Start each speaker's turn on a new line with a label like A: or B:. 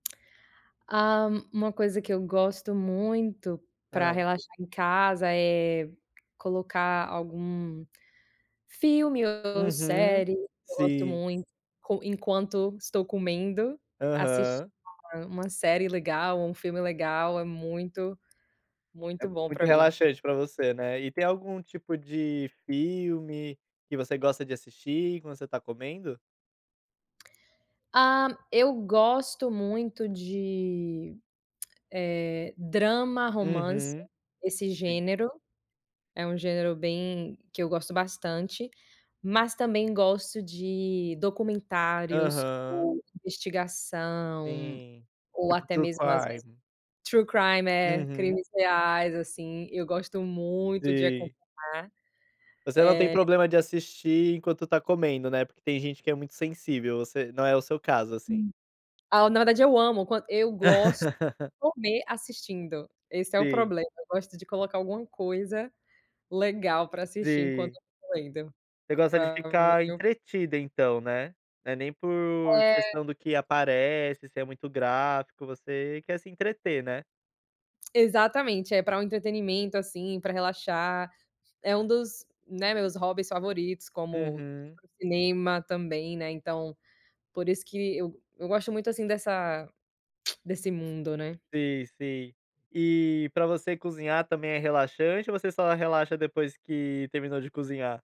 A: Ha. Uma coisa que eu gosto muito para
B: Hã.
A: relaxar em casa, é colocar algum filme ou
B: Uhum,
A: série, eu gosto
B: sim.
A: muito, enquanto estou comendo, assistindo,
B: Aham.
A: uma série legal ou um filme legal, é muito,
B: É
A: muito
B: é,
A: bom
B: muito
A: para mim.
B: relaxante para você, né. E tem algum tipo de filme que você gosta de assistir quando você tá comendo?
A: Ah. Eu gosto muito de, eh, drama, romance,
B: Uhum.
A: esse
B: Sim.
A: gênero é um gênero bem que eu gosto bastante, mas também gosto de documentários
B: Aham.
A: ou investigação,
B: Sim,
A: ou
B: tipo
A: até
B: true
A: mesmo às vezes,
B: crime.
A: true crime,
B: Uhum.
A: crimes reais assim, eu gosto muito de
B: Sim.
A: acompanhar.
B: Você não tem
A: Eh
B: problema de assistir enquanto está comendo, né, porque tem gente que é muito sensível você, não é o seu caso assim.
A: Ah, na verdade eu amo quando eu gosto comer assistindo. Esse é o
B: Sim.
A: problema, gosto de colocar alguma coisa legal para assistir enquanto
B: Sim.
A: eu tô comendo.
B: Você gosta de ficar
A: [unintelligible]
B: entretida então, né. Não é nem por
A: É.
B: questão do que aparece, se é muito gráfico, você quer se entreter, né.
A: Exatamente, é para o entretenimento assim, para relaxar. É um dos, né, meus hobbies favoritos como,
B: Uhum.
A: cinema também, né, então, por isso que eu eu gosto muito assim dessa desse mundo, né.
B: Sim, sim. E para você cozinhar também é relaxante ou você só relaxa depois que terminou de cozinhar?